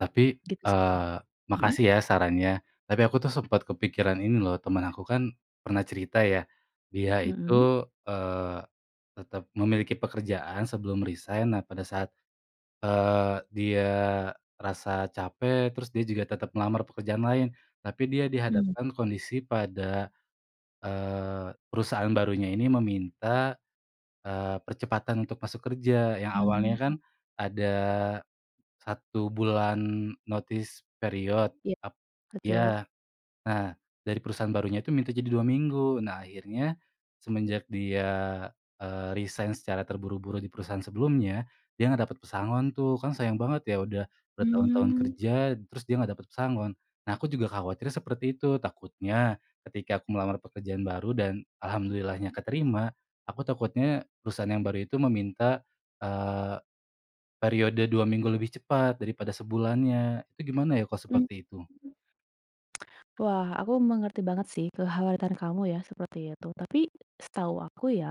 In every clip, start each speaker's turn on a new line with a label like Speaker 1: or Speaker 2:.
Speaker 1: Tapi,
Speaker 2: Gitu sih.
Speaker 1: eee,
Speaker 2: Mmm.
Speaker 1: makasih ya sarannya. Tapi aku tuh sempet kepikiran ini loh temen aku kan pernah cerita ya dia
Speaker 2: Mmm.
Speaker 1: itu, eee, tetap memiliki pekerjaan sebelum resain. Nah pada saat, eee, dia rasa capek terus dia juga tetap melamar pekerjaan lain, tapi dia
Speaker 2: Hmm.
Speaker 1: dihadapkan kondisi pada, eee, perusahaan barunya ini meminta, eee, percepatan untuk masuk kerja, yang awalnya kan
Speaker 2: Mmm.
Speaker 1: ada 1 bulan notice period.
Speaker 2: Ya,
Speaker 1: Tap
Speaker 2: betul.
Speaker 1: iya, nah dari perusahaan barunya itu minta jadi 2 minggu. Nah akhirnya semenjak dia, eee, resain secara terburu-buru di perusahaan sebelumnya, dia nggak dapat pesangon tuh, kan sayang banget ya udah bertahun-tahun
Speaker 2: Mmm.
Speaker 1: kerja terus dia nggak dapat pesangon. Nah aku juga khawatir seperti itu. Takutnya ketika aku melamar pekerjaan baru dan alhamdulillahnya keterima, aku takutnya perusahaan yang baru itu meminta, eee, periode 2 minggu lebih cepat daripada sebulannya. Itu gimana ya kalau
Speaker 2: Mmm
Speaker 1: seperti itu?
Speaker 2: mmm. Wah aku mengerti banget sih kekhawatiran kamu ya seperti itu. Tapi setahu aku ya,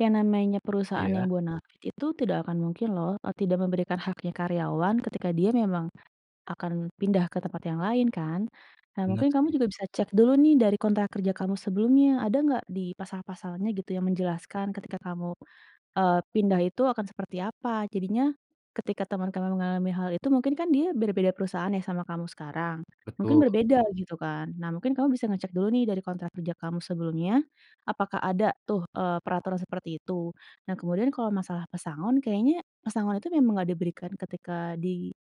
Speaker 2: yang namanya perusahaan yang
Speaker 1: Iya.
Speaker 2: bonafide itu tidak akan mungkin loh, eee, tidak memberikan haknya karyawan ketika dia memang akan pindah ke tempat yang lain kan. Nah
Speaker 1: Bener
Speaker 2: mungkin kamu
Speaker 1: sih.
Speaker 2: juga bisa cek dulu nih dari kontrak kerja kamu sebelumnya. Ada nggak di pasal-pasalnya gitu yang menjelaskan ketika kamu, eee, pindah itu akan seperti apa? Jadinya ketika teman kamu mengalami hal itu mungkin kan dia berbeda perusahaan ya sama kamu sekarang, mungkin
Speaker 1: Betul.
Speaker 2: berbeda gitu kan. Nah mungkin kamu bisa ngecek dulu nih dari kontrak kerja kamu sebelumnya apakah ada tuh, eee, peraturan seperti itu. Nah kemudian kalau masalah pesangon, kayaknya pesangon itu memang nggak diberikan ketika di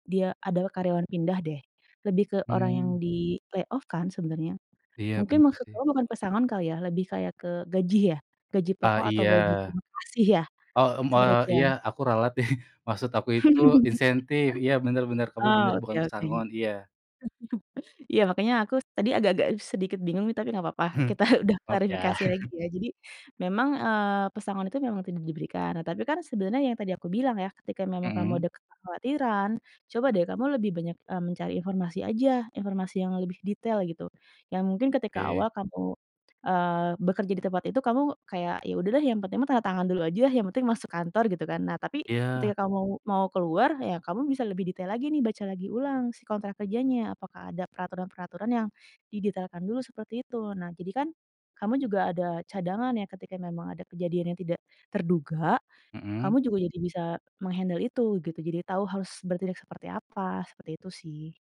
Speaker 2: dia adalah karyawan pindah deh, lebih ke orang yang
Speaker 1: Mmm.
Speaker 2: di-layoff kan sebenarnya.
Speaker 1: Iya
Speaker 2: Mungkin
Speaker 1: bener
Speaker 2: maksud
Speaker 1: sih.
Speaker 2: kamu bukan pesangon kali ya, lebih kayak ke gaji ya? Gaji
Speaker 1: Ah,
Speaker 2: pokok atau
Speaker 1: iya.
Speaker 2: gaji terima kasih ya,
Speaker 1: Oh, m
Speaker 2: seperti
Speaker 1: heeh,
Speaker 2: itu ya?
Speaker 1: iya aku ralat deh, maksud aku itu insentif, iya bener bener, kamu
Speaker 2: Oh,
Speaker 1: bener,
Speaker 2: oke
Speaker 1: bukan
Speaker 2: oke.
Speaker 1: pesangon. Iya.
Speaker 2: Iya makanya aku tadi agak agak sedikit bingung nih tapi nggak papa, kita udah
Speaker 1: Maaf ya.
Speaker 2: klarifikasi lagi ya. Jadi memang, eee, pesangon itu memang tidak diberikan, nah tapi kan sebenernya yang tadi aku bilang ya, ketika memang kamu
Speaker 1: Mmm.
Speaker 2: ada kekhawatiran, coba deh kamu lebih banyak, eee, mencari informasi aja, informasi yang lebih detail gitu. Yang mungkin ketika
Speaker 1: Oke.
Speaker 2: awal kamu, eee, bekerja di tempat itu kamu kayak, "Ya udah deh, yang penting mah tanda tangan dulu ajalah, yang penting masuk kantor," gitu kan. Nah tapi
Speaker 1: Iya.
Speaker 2: ketika kamu mau keluar ya kamu bisa lebih detail lagi nih, baca lagi ulang si kontrak kerjanya, apakah ada peraturan-peraturan yang didetailkan dulu seperti itu. Nah jadi kan kamu juga ada cadangan ya ketika memang ada kejadian yang tidak terduga,
Speaker 1: Mmm.
Speaker 2: kamu juga jadi bisa meng-handle itu gitu, jadi tahu harus bertindak seperti apa, seperti itu sih.